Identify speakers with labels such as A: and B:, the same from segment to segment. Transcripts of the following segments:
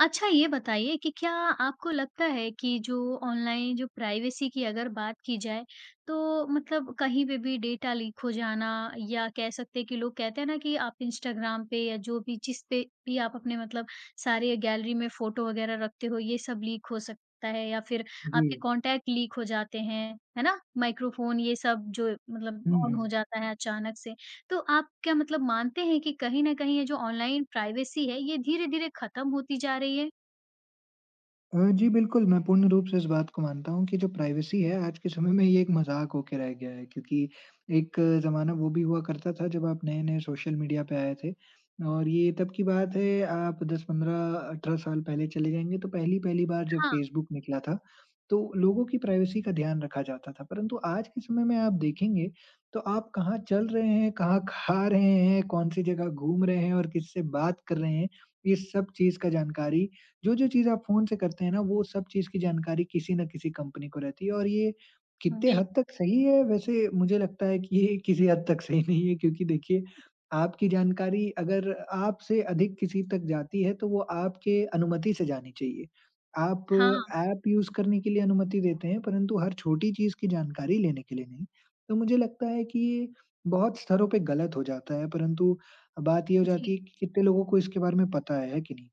A: अच्छा, ये बताइए कि क्या आपको लगता है कि जो ऑनलाइन जो प्राइवेसी की अगर बात की जाए, तो मतलब कहीं पे भी डेटा लीक हो जाना या कह सकते हैं कि लोग कहते हैं ना कि आप इंस्टाग्राम पे या जो भी जिसपे भी आप अपने मतलब सारे गैलरी में फ़ोटो वगैरह रखते हो ये सब लीक हो सकता है या फिर आपके
B: जी।
A: कॉन्टैक्ट लीक हो जाते हैं, है ना? माइक्रोफ़ोन ये सब जो
B: हुँ,
A: मतलब ऑन हो
B: हुँ।
A: जाता है अचानक से, तो आप क्या मतलब मानते हैं कि कहीं न कहीं ये जो ऑनलाइन प्राइवेसी है ये धीरे-धीरे खत्म होती जा रही है?
B: अ, जी बिल्कुल, मैं पूर्ण रूप से इस बात को मानता हूँ कि जो प्राइवेसी है आज के समय में ये एक मज़ाक हो के रह गया है, क्योंकि एक ज़माना वो भी हुआ करता था जब आप नए-नए सोशल मीडिया पे आए थे और ये तब की बात है आप 10-15, 18 साल पहले चले जाएँगे तो पहली-पहली बार जब
A: हाँ।
B: फ़ेसबुक निकला था तो लोगों की प्राइवेसी का ध्यान रखा जाता था। परंतु आज के समय में आप देखेंगे तो आप कहाँ चल रहे हैं, कहाँ खा रहे हैं, कौन-सी जगह घूम रहे हैं और किससे बात कर रहे हैं, ये सब चीज़ का जानकारी जो-जो चीज़ आप फ़ोन से करते हैं ना वो सब चीज़ की जानकारी किसी न किसी कंपनी को रहती है। और ये कितने हद
A: बिल्क
B: तक सही है वैसे मुझे लगता है कि ये किसी हद तक सही नहीं है। क्योंकि देखिए, आपकी जानकारी अगर आपसे अधिक किसी तक जाती है, तो वो आपके अनुमति से जानी चाहिए। आप
A: हाँ।
B: ऐप यूज़ करने के लिए अनुमति देते हैं, परंतु हर छोटी चीज़ की जानकारी लेने के लिए नहीं। तो मुझे लगता है कि बहुत स्तरों पे गलत हो जाता है, परंतु बात ये हो जाती
A: जी।
B: है कि कितने लोगों को इसके बारे में पता है, है कि नहीं?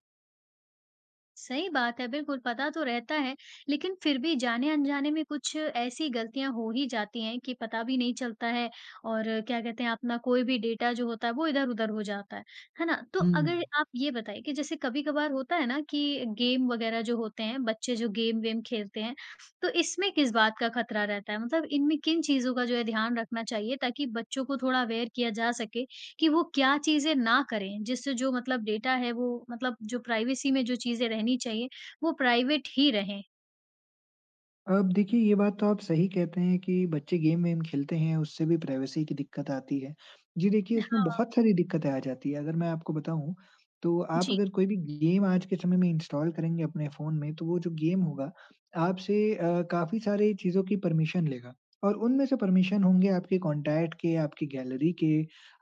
A: सही बात है। बिल्कुल, पता तो रहता है, लेकिन फिर भी जाने-अनजाने में कुछ ऐसी गलतियाँ हो ही जाती हैं कि पता भी नहीं चलता है और क्या कहते हैं अपना कोई भी डेटा जो होता है, वो इधर-उधर हो जाता है। है ना? तो
B: हुँ,
A: अगर
B: हुँ।
A: आप ये बताएँ कि जैसे कभी-कभार होता है ना कि गेम वगैरह जो होते हैं, बच्चे जो गेम वेम खेलते हैं, तो इसमें किस बात का खतरा रहता है? मतलब इनमें किन चीज़ों का जो है ध्यान रखना चाहिए ताकि बच्चों को थोड़ा अवेयर किया जा सके, कि वो क्या चीज़ें ना करें जिससे जो मतलब डेटा है वो मतलब जो प्राइवेसी में जो चीज़ें रहनी चाहिए, वो प्राइवेट ही रहें?
B: अब देखिए, ये बात तो आप सही कहते हैं कि बच्चे गेम वेम खेलते हैं, उससे भी प्राइवेसी की दिक्कत आती है। जी, देखिए उसमें
A: हाँ।
B: बहुत सारी दिक्कतें आ जाती हैं अगर मैं आपको बताऊँ, तो आप
A: जी।
B: अगर कोई भी गेम आज के समय में इंस्टॉल करेंगे अपने फ़ोन में तो वो जो गेम होगा आपसे अ, काफ़ी सारे चीज़ों की परमिशन लेगा और उनमें से परमिशन होंगे आपके कॉन्टैक्ट के, आपकी गैलरी के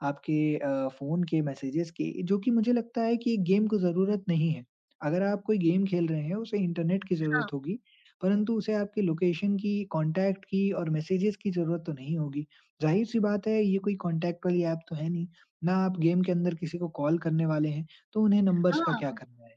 B: आपके अ, फ़ोन के मैसेजेज़ के जो कि मुझे लगता है कि ये गेम को ज़रूरत नहीं है। अगर आप कोई गेम खेल रहे हैं, उसे इंटरनेट की
A: हाँ।
B: ज़रूरत होगी, परंतु उसे आपके लोकेशन की, कॉन्टैक्ट की और मैसेजेज़ की ज़रूरत तो नहीं होगी। ज़ाहिर-सी बात है ये कोई कॉन्टैक्ट वाली ऐप तो है नहीं, ना आप गेम के अंदर किसी को कॉल करने वाले हैं तो उन्हें नंबर्स का क्या
A: हाँ।
B: करना है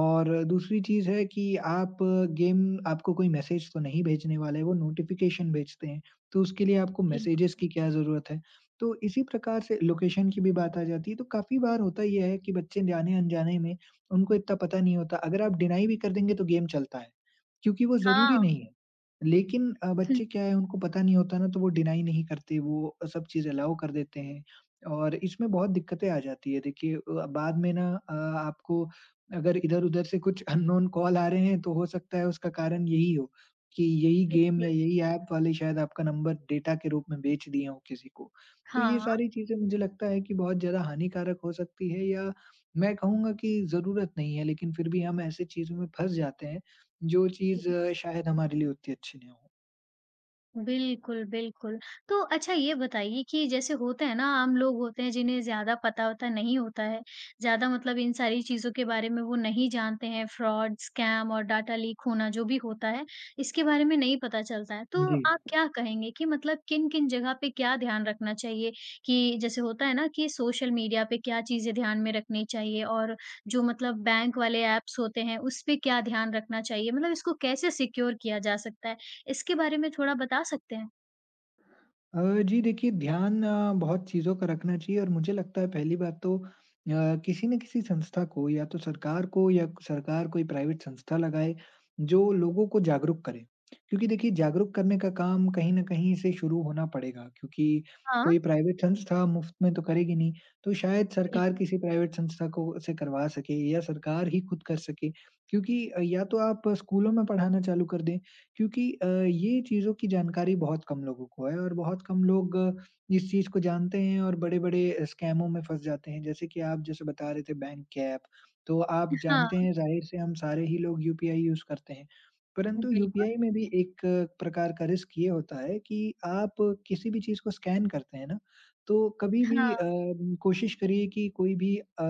B: और दूसरी चीज़ है कि आप गेम आपको कोई मैसेज तो नहीं भेजने वाले वो नोटिफ़िकेशन भेजते हैं, तो उसके लिए आपको मैसेजेज़
A: बिल्कुल।
B: की क्या ज़रूरत है। तो इसी प्रकार से लोकेशन की भी बात आ जाती है तो काफ़ी बार होता ये है कि बच्चे जाने-अनजाने में उनको इतना पता नहीं होता। अगर आप डिनाई भी कर देंगे तो गेम चलता है, क्योंकि वो ज़रूरी नहीं
A: हाँ।
B: है। लेकिन अ,
A: हुँ।
B: बच्चे क्या हैं उनको पता नहीं होता ना तो वो डिनाई नहीं करते वो अ, सब चीज़ अलाउ कर देते हैं और इसमें बहुत दिक्कतें आ जाती हैं। देखिए अ, बाद में ना अ, आपको अगर इधर-उधर से कुछ अननोन कॉल आ रहे हैं तो हो सकता है उसका कारण यही हो, कि यही गेम या
A: बिल्कुल।
B: यही ऐप वाले शायद आपका नंबर डेटा के रूप में बेच दिए हों किसी को। तो ये
A: हाँ।
B: सारी चीज़ें मुझे लगता है कि बहुत ज़्यादा हानिकारक हो सकती हैं या मैं कहूँगा कि ज़रूरत नहीं है लेकिन फिर भी हम ऐसे चीज़ों में फँस जाते हैं, जो चीज़
A: जी।
B: शायद हमारे लिए उतनी अच्छी नहीं हो।
A: बिल्कुल, बिल्कुल। तो अच्छा ये बताइए कि जैसे होता है ना आम लोग होते हैं जिन्हें ज़्यादा पता-वता नहीं होता है, ज़्यादा मतलब इन सारी चीज़ों के बारे में वो नहीं जानते हैं, फ्रॉड, स्कैम और डाटा लीक होना जो भी होता है, इसके बारे में नहीं पता चलता है। तो
B: जी।
A: आप क्या कहेंगे कि मतलब किन-किन जगह पे क्या ध्यान रखना चाहिए? कि जैसे होता है ना कि सोशल मीडिया पे क्या चीज़ें ध्यान में रखनी चाहिए? और जो मतलब बैंक वाले ऐप्स होते हैं, उसपे क्या ध्यान रखना चाहिए? मतलब इसको कैसे सिक्योर किया जा सकता है? इसके बारे में थोड़ा बता सकते हैं?
B: अ, जी देखिए, ध्यान अ, बहुत चीज़ों का रखना चाहिए और मुझे लगता है पहली बात तो अ, किसी न किसी संस्था को या तो सरकार को या क सरकार कोई प्राइवेट संस्था लगाए, जो लोगों को जागरूक करे। क्योंकि देखिए, जागरूक करने का काम कहीं न कहीं से शुरू होना पड़ेगा, क्योंकि
A: हाँ।
B: कोई प्राइवेट संस्था मुफ़्त में तो करेगी नहीं, तो शायद सरकार
A: बिल्कुल।
B: किसी प्राइवेट संस्था को उससे करवा सके या सरकार ही ख़ुद कर सके। क्योंकि अ, या तो आप स्कूलों में पढ़ाना चालू कर दें, क्योंकि अ, ये चीज़ों की जानकारी बहुत कम लोगों को है और बहुत कम लोग इस चीज़ को जानते हैं और बड़े-बड़े स्कैमों में फँस जाते हैं। जैसे कि आप जैसे बता रहे थे बैंक ऐप, तो आप जानते
A: हाँ।
B: हैं ज़ाहिर से हम सारे ही लोग यूपीआई यूज़ करते हैं, परंतु
A: बिल्कुल।
B: यूपीआई में भी एक प्रकार का रिस्क ये होता है कि, आप किसी भी चीज़ को स्कैन करते हैं ना, तो कभी भी अ,
A: हाँ।
B: कोशिश करिए कि कोई भी अ,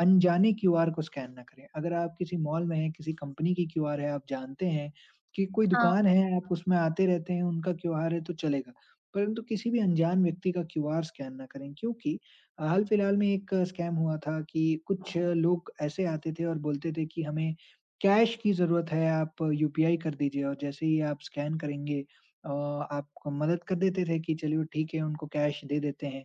B: अनजाने क्यूआर को स्कैन ना करें। अगर आप किसी मॉल में हैं, किसी कंपनी की क्यूआर है, आप जानते हैं कि कोई
A: हाँ।
B: दुकान है, आप उसमें आते रहते हैं, उनका क्यूआर है, तो चलेगा, परंतु किसी भी अनजान व्यक्ति का क्यूआर स्कैन ना करें। क्योंकि हाल-फिलहाल में एक स्कैम हुआ था कि कुछ लोग ऐसे आते थे और बोलते थे कि हमें कैश की ज़रूरत है, आप यूपीआई कर दीजिए और जैसे ही आप स्कैन करेंगे अ, आपको मदद कर देते थे, कि चलिए ठीक है, उनको कैश दे देते हैं।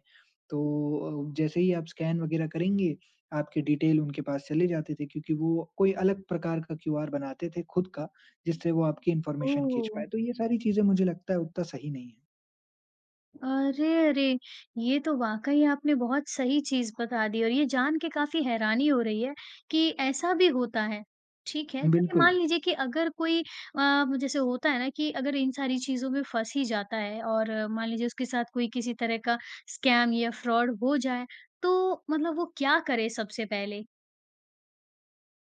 B: तो अ, जैसे ही आप स्कैन वग़ैरह करेंगे, आपके डिटेल उनके पास चले जाते थे, क्योंकि वो कोई अलग प्रकार का क्यूआर बनाते थे ख़ुद का, जिससे वो आपकी इन्फॉर्मेशन खींच
A: ओह!
B: पाएँ। तो ये सारी चीज़ें मुझे लगता है उत्ता सही नहीं हैं।
A: अरे, अरे! ये तो वाक़ई आपने बहुत सही चीज़ बता दी और ये जान के काफ़ी हैरानी हो रही है, कि ऐसा भी होता है। ठीक है, चलिए
B: बिल्कुल।
A: मान लीजिए कि अगर कोई अ, जैसे होता है ना कि अगर इन सारी चीज़ों में फँस ही जाता है और मान लीजिए उसके साथ कोई किसी तरह का स्कैम या फ्रॉड हो जाए, तो मतलब वो क्या करे सबसे पहले?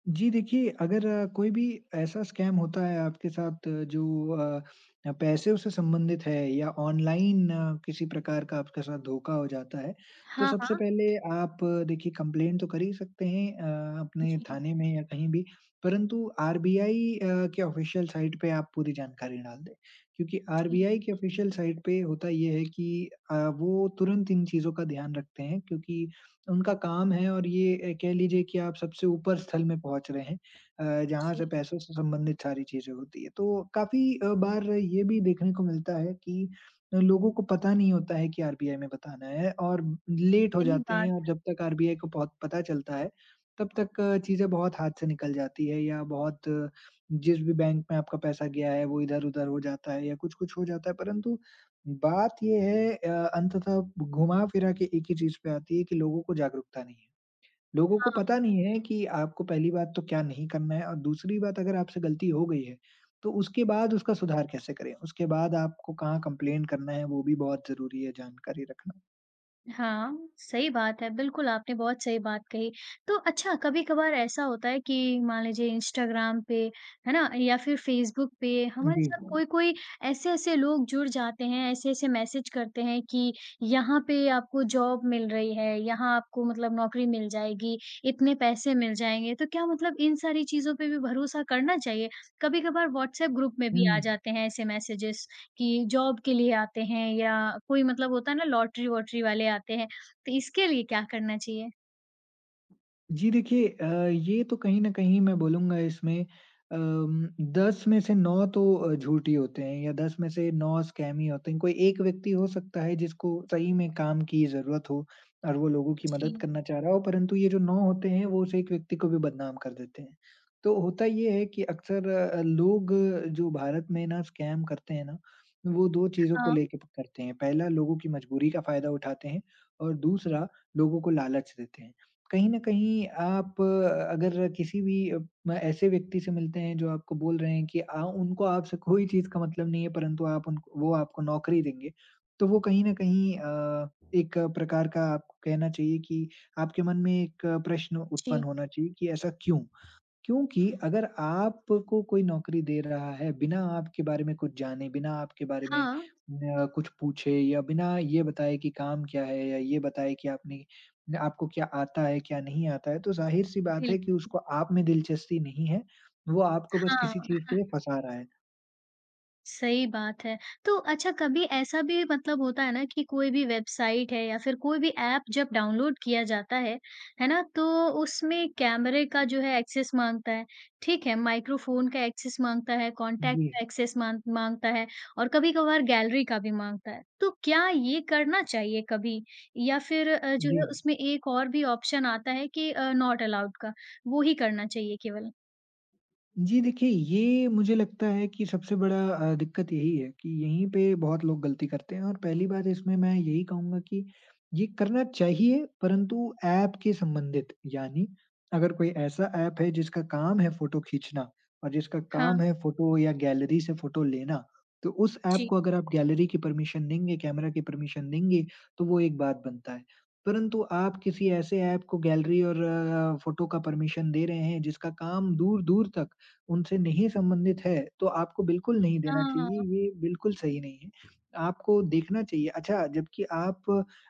B: जी, देखिए अगर कोई भी ऐसा स्कैम होता है आपके साथ जो अ अ, पैसे से संबंधित है या ऑनलाइन किसी प्रकार का आपके साथ धोखा हो जाता है, तो
A: हाँ,
B: सबसे
A: हाँ।
B: पहले आप देखिए कम्प्लेंन तो कर ही सकते हैं अ, अपने
A: जी।
B: थाने में या कहीं भी। परंतु आरबीआई अ, के ऑफ़िशियल साइट पे आप पूरी जानकारी डाल दें, क्योंकि
A: जी।
B: आरबीआई के ऑफ़िशियल साइट पे होता ये है कि अ, वो तुरंत इन चीज़ों का ध्यान रखते हैं क्योंकि उनका काम है और ये ए, कह लीजिए कि आप सबसे ऊपर स्थल में पहुँच रहे हैं अ, जहाँ
A: जी।
B: से पैसों से संबंधित सारी चीज़ें होती हैं। तो काफ़ी अ, बार ये भी देखने को मिलता है कि लोगों को पता नहीं होता है कि आरबीआई में बताना है और म लेट हो
A: सही
B: जाते
A: बात
B: हैं और
A: है।
B: जब तक आरबीआई को पौ पता चलता है, तब तक चीज़ें बहुत हाथ से निकल जाती हैं या बहुत जिस भी बैंक में आपका पैसा गया है, वो इधर-उधर हो जाता है या कुछ-कुछ हो जाता है परंतु बात ये है अ, अंततः ब घुमा-फिरा के एक ही चीज़ पे आती है कि लोगों को जागरूकता नहीं है। लोगों को
A: हाँ।
B: पता नहीं है कि आपको पहली बात तो क्या नहीं करना है और दूसरी बात अगर आपसे गलती हो गई है, तो उसके बाद उसका सुधार कैसे करें। उसके बाद आपको कहाँ कम्प्लेंन करना है, वो भी बहुत ज़रूरी है जानकारी रखना।
A: हाँ, सही बात है। बिल्कुल आपने बहुत सही बात कही। तो अच्छा, कभी-कभार ऐसा होता है कि मान लीजिए इंस्टाग्राम पे, है ना? या फिर फ़ेसबुक पे
B: उम,
A: हमारे
B: जी।
A: साथ कोई-कोई ऐसे-ऐसे लोग जुड़ जाते हैं, ऐसे-ऐसे मैसेज करते हैं कि यहाँ पे आपको जॉब मिल रही है, यहाँ आपको मतलब नौकरी मिल जाएगी, इतने पैसे मिल जाएँगे। तो क्या मतलब इन सारी चीज़ों पे भी भरोसा करना चाहिए? कभी-कभार व्हाट्सएप ग्रुप में भी आ
B: हुँ।
A: जाते हैं ऐसे मैसेजेज़ कि जॉब के लिए आते हैं या कोई मतलब होता है ना लॉटरी वॉटरी वाले आते हैं, तो इसके लिए क्या करना चाहिए?
B: जी, देखिए अ, ये तो कहीं न कहीं मैं बोलूँगा इसमें अम, 10 में से 9 तो अ, झूठ ही होते हैं या 10 में से 9 स्कैम ही होते हैं। कोई एक व्यक्ति हो सकता है जिसको सही में काम की ज़रूरत हो और वो लोगों की मदद
A: जी।
B: करना चाह रहा हो परंतु ये जो 9 होते हैं, वो उस एक व्यक्ति को भी बदनाम कर देते हैं। तो होता ये है कि अक्सर अ, लोग जो भारत में ना स्कैम करते हैं ना, वो 2 चीज़ों को
A: हाँ।
B: लेके करते हैं। पहला लोगों की मजबूरी का फ़ायदा उठाते हैं और दूसरा लोगों को लालच देते हैं। कहीं न कहीं आप अ, अगर किसी भी अ, मैं ऐसे व्यक्ति से मिलते हैं जो आपको बोल रहे हैं कि आ उनको आप से कोई चीज़ का मतलब नहीं है परंतु आप उनको वो आपको नौकरी देंगे, तो वो कहीं न कहीं अ, एक प्रकार का आपको कहना चाहिए कि आपके मन में एक प्रश्न
A: जी।
B: उत्पन्न होना चाहिए कि ऐसा क्यों? क्योंकि अगर आपको कोई नौकरी दे रहा है बिना आपके बारे में कुछ जाने बिना आपके बारे में
A: हाँ।
B: म अ, कुछ पूछे या बिना ये बताए कि काम क्या है या ये बताए कि आपने न आपको क्या आता है, क्या नहीं आता है तो ज़ाहिर-सी बात है कि
A: बिल्कुल।
B: उसको आप में दिलचस्पी नहीं है। वो आपको बस
A: हाँ।
B: किसी चीज़ के लिए फँसा रहा है।
A: सही बात है। तो अच्छा कभी ऐसा भी मतलब होता है ना कि कोई भी वेबसाइट है या फिर कोई भी ऐप जब डाउनलोड किया जाता है, है ना, तो उसमें कैमरे का जो है एक्सेस माँगता है, ठीक है, माइक्रोफ़ोन का एक्सेस माँगता है, कॉन्टैक्ट
B: जी।
A: का एक्सेस माँग माँगता है और कभी-कभार गैलरी का भी माँगता है। तो क्या ये करना चाहिए कभी? या फिर अ, जो है
B: जी।
A: उसमें एक और भी ऑप्शन आता है कि अ, नॉट अलाउड का, वो ही करना चाहिए केवल?
B: जी देखिए ये मुझे लगता है कि सबसे बड़ा अ, दिक्कत यही है कि यहीं पे बहुत लोग गलती करते हैं और पहली बात इसमें मैं यही कहूँगा कि ये करना चाहिए, परंतु एप के संबंधित। यानी अगर कोई ऐसा ऐप है जिसका काम है फ़ोटो खींचना और जिसका काम
A: हाँ।
B: है फ़ोटो या गैलरी से फ़ोटो लेना। तो उस ऐप
A: जी।
B: को अगर आप गैलरी की परमिशन देंगे, कैमरा की परमिशन देंगे, तो वो एक बात बनता है। परंतु आप किसी ऐसे ऐप को गैलरी और अ, फ़ोटो का परमिशन दे रहे हैं जिसका काम दूर-दूर तक उनसे नहीं संबंधित है तो आपको बिल्कुल नहीं देना चाहिए।
A: हाँ।
B: ये बिल्कुल सही नहीं है। आपको देखना चाहिए अच्छा जब्कि आप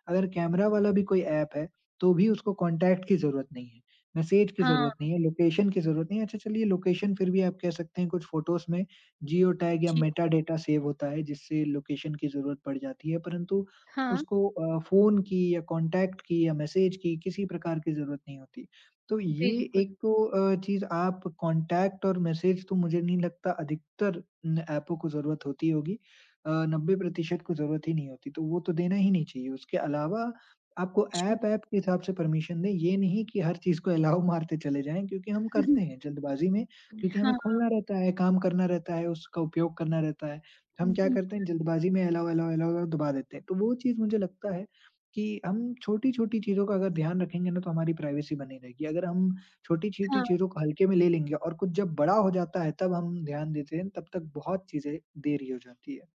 B: अगर कैमरा वाला भी कोई ऐप है तो भी उसको कॉन्टैक्ट की ज़रूरत नहीं है, मैसेज की ज़रूरत
A: हाँ।
B: नहीं है, लोकेशन की ज़रूरत नहीं है। अच्छा चलिए लोकेशन फिर भी आप कह सकते हैं कुछ फ़ोटोज़ में ज़ीओ टैग या
A: जी।
B: मेटाडेटा सेव होता है जिससे लोकेशन की ज़रूरत पड़ जाती है परंतु
A: हाँ।
B: उसको अ, फ़ोन की या कॉन्टैक्ट की या मैसेज की किसी प्रकार की ज़रूरत नहीं होती। तो ये
A: बिल्कुल।
B: एक तो अ, चीज़ आप कॉन्टैक्ट और मैसेज तो मुझे नहीं लगता अधिकतर न ऐपों को ज़रूरत होती होगी। अ, 90% को ज़रूरत ही नहीं होती तो वो तो देना ही नहीं चाहिए। उसके अलावा आपको
A: जी।
B: ऐप ऐप के हिसाब से परमिशन दें, ये नहीं कि हर चीज़ को अलाउ मारते चले जाएँ। क्योंकि हम करते हैं जल्दबाज़ी में क्योंकि हमें
A: हाँ।
B: खोलना रहता है, काम करना रहता है, उसका उपयोग करना रहता है। हम क्या करते हैं
A: बिल्कुल।
B: जल्दबाज़ी में अलाउ, अलाउ, अलाउ दबा देते हैं। तो वो चीज़ मुझे लगता है कि हम छोटी-छोटी चीज़ों का अगर ध्यान रखेंगे ना तो हमारी प्राइवेसी बनी रहेगी। अगर हम छोटी-छोटी
A: हाँ।
B: चीज़ों को हल्के में ले लेंगे और कुछ जब बड़ा हो जाता है तब हम ध्यान देते हैं तब तक बहुत चीज़ें देरी हो जाती है।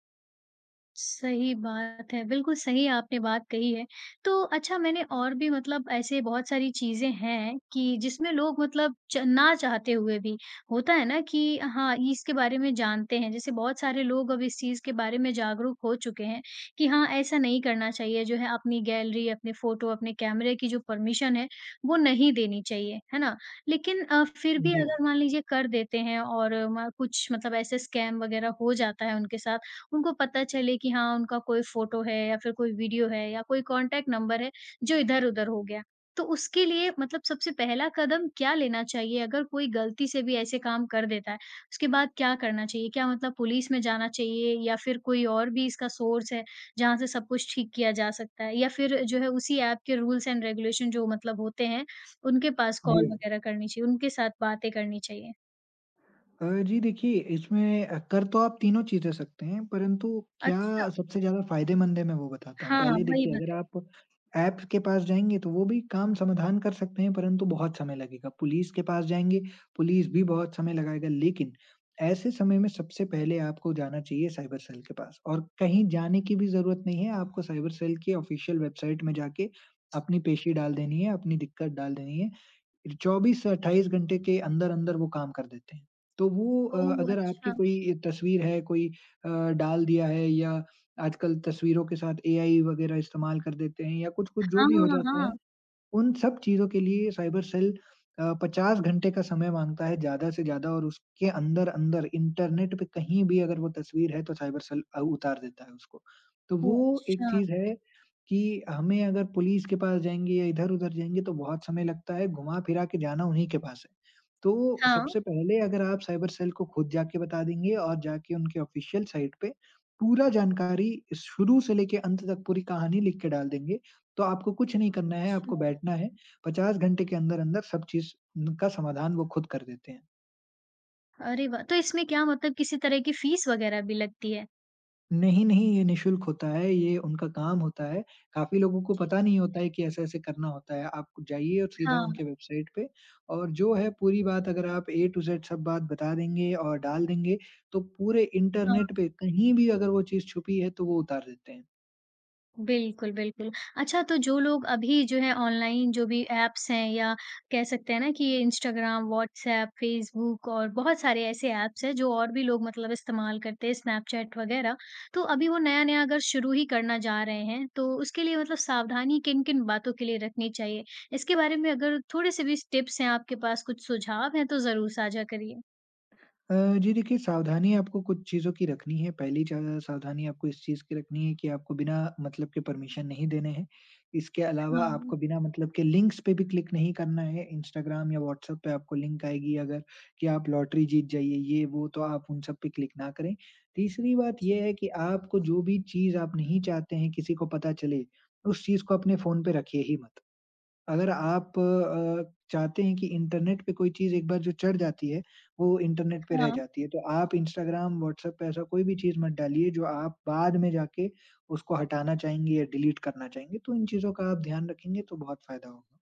A: सही बात है, बिल्कुल सही आपने बात कही है। तो अच्छा, मैंने और भी मतलब ऐसे बहुत सारी चीज़ें हैं, कि जिसमें लोग मतलब च ना चाहते हुए भी होता है ना कि हाँ, इसके बारे में जानते हैं। जैसे बहुत सारे लोग अभी इस चीज़ के बारे में जागरूक हो चुके हैं, कि हाँ ऐसा नहीं करना चाहिए, जो है अपनी गैलरी, अपने फ़ोटो, अपने कैमरे की जो परमिशन है, वो नहीं देनी चाहिए। है ना? लेकिन अ, फिर भी
B: जी।
A: अगर मान लीजिए कर देते हैं और म कुछ मतलब ऐसे स्कैम वगैरह हो जाता है उनके साथ, उनको पता चले कि हाँ, उनका कोई फ़ोटो है या फिर कोई वीडियो है या कोई कॉन्टैक्ट नंबर है, जो इधर-उधर हो गया, तो उसके लिए मतलब सबसे पहला कदम क्या लेना चाहिए अगर कोई गलती से भी ऐसे काम कर देता है? उसके बाद क्या करना चाहिए? क्या मतलब पुलिस में जाना चाहिए या फिर कोई और भी इसका सोर्स है, जहाँ से सब कुछ ठीक किया जा सकता है या फिर जो है उसी ऐप के रूल्स एंड रेगुलेशन जो मतलब होते हैं, उनके पास कॉल
B: जी।
A: वगैरह करनी चाहिए, उनके साथ बातें करनी चाहिए?
B: अ, जी, देखिए, इसमें अ, कर तो आप तीनों चीज़ें सकते हैं, परंतु क्या
A: अच्छा।
B: सबसे ज़्यादा फ़ायदेमंद है मैं वो बताता हूँ।
A: हाँ,
B: पहले
A: वही
B: देखिए, अगर
A: बताइए।
B: आप ऐप्स के पास जाएँगे तो वो भी काम समाधान कर सकते हैं परंतु बहुत समय लगेगा, पुलिस के पास जाएँगे, पुलिस भी बहुत समय लगाएगा लेकिन ऐसे समय में सबसे पहले आपको जाना चाहिए साइबर सेल के पास और कहीं जाने की भी ज़रूरत नहीं है। आपको साइबर सेल के ऑफ़िशियल वेबसाइट में जाके, अपनी पेशी डाल देनी है, अपनी दिक्कत डाल देनी है। 24 से 28 घंटे के अंदर-अंदर वो काम कर देते हैं। तो वो अ,
A: ओह!
B: अगर आपकी
A: अच्छा।
B: कोई तस्वीर है, कोई अ, डाल दिया है या आजकल तस्वीरों के साथ एआई वगैरह इस्तेमाल कर देते हैं या कुछ-कुछ जो
A: हाँ,
B: भी हो जाता है,
A: हाँ।
B: उन सब चीज़ों के लिए साइबर सेल अ, 50 घंटे का समय माँगता है ज़्यादा से ज़्यादा और उसके अंदर-अंदर इंटरनेट पे कहीं भी अगर वो तस्वीर है तो साइबर सेल अ, उतार देता है उसको। तो
A: ओह!
B: वो एक
A: अच्छा।
B: चीज़ है, कि हमें अगर पुलिस के पास जाएँगे या इधर-उधर जाएँगे, तो बहुत समय लगता है, घुमा-फिरा के जाना उन्हीं के पास है। तो
A: हाँ।
B: सबसे पहले अगर आप साइबर सेल को खुद जाके बता देंगे और जाके उनके ऑफ़िशियल साइट पे पूरा जानकारी शुरू से लेके अंत तक पूरी कहानी लिख के डाल देंगे। तो आपको कुछ नहीं करना है, आपको
A: अच्छा।
B: बैठना है, 50 घंटे के अंदर-अंदर सब चीज़ उन का समाधान वो खुद कर देते हैं।
A: अरे, वाह! तो इसमें क्या मतलब किसी तरह की फ़ीस वग़ैरह भी लगती है?
B: नहीं, नहीं। ये निःशुल्क होता है, ये उनका काम होता है, काफ़ी लोगों को
A: जी।
B: पता नहीं होता है कि ऐसे-ऐसे करना होता है, आप जाइए सीधा
A: हाँ।
B: उनके वेबसाइट पे और जो है पूरी बात अगर आप ए टू जेड सब बात बता देंगे और डाल देंगे तो पूरे
A: हाँ।
B: इंटरनेट पे कहीं भी अगर वो चीज़ छुपी है, तो वो उतार देते हैं।
A: बिल्कुल, बिल्कुल। अच्छा तो जो लोग अभी जो है ऑनलाइन जो भी ऐप्स हैं या कह सकते हैं ना कि ये इंस्टाग्राम, व्हाट्सऐप, फेसबुक और बहुत सारे ऐसे ऐप्स हैं, जो और भी लोग मतलब इस्तेमाल करते हैं, स्नैपचैट वग़ैरह, तो अभी वो नया-नया अगर शुरू ही करना जा रहे हैं, तो उसके लिए मतलब सावधानी किन-किन बातों के लिए रखनी चाहिए, इसके बारे में अगर थोड़े-से भी स टिप्स हैं आपके पास, कुछ सुझाव हैं, तो ज़रूर साझा करिए?
B: अ, जी, देखिए सावधानियाँ आपको कुछ चीज़ों की रखनी हैं, पहली ज़्या सावधानी आपको इस चीज़ की रखनी है कि आपको बिना मतलब के परमिशन नहीं देने है, इसके अलावा
A: हाँ।
B: आपको बिना मतलब के लिंक्स पे भी क्लिक नहीं करना है, इंस्टाग्राम या व्हाट्सऐप पे आपको लिंक आएगी अगर कि आप लॉटरी जीत जाइए, ये वो, तो आप उन सब पे क्लिक ना करें, तीसरी बात
A: जी।
B: ये है कि आपको जो भी चीज़ आप नहीं चाहते हैं किसी को पता चले, उस चीज़ को अपने फ़ोन पे रखिए ही मत, अगर आप अ, चाहते हैं कि इंटरनेट पे कोई चीज़ एक बार जो चढ़ जाती है, वो इंटरनेट पे रह
A: हाँ।
B: जाती है, तो आप इंस्टाग्राम, व्हाट्सऐप पे ऐसा कोई भी चीज़ मत डालिए, जो आप बाद में जाके उसको हटाना चाहेंगे या डिलीट करना चाहेंगे, तो इन चीज़ों का आप ध्यान रखेंगे, तो बहुत फ़ायदा होगा।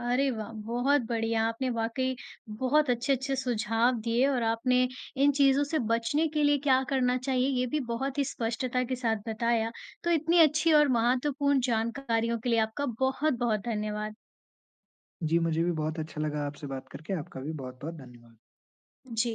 A: अरे, वाह! बहुत बढ़िया, आपने वाक़ई बहुत अच्छे-अच्छे सुझाव दिए और आपने इन चीज़ों से बचने के लिए क्या करना चाहिए ये भी बहुत ही स्पष्टता के साथ बताया, तो इतनी अच्छी और महत्वपूर्ण जानकारियों के लिए आपका बहुत-बहुत धन्यवाद।
B: जी, मुझे भी बहुत अच्छा लगा आपसे बात करके, आपका भी बहुत-बहुत धन्यवाद।
A: जी।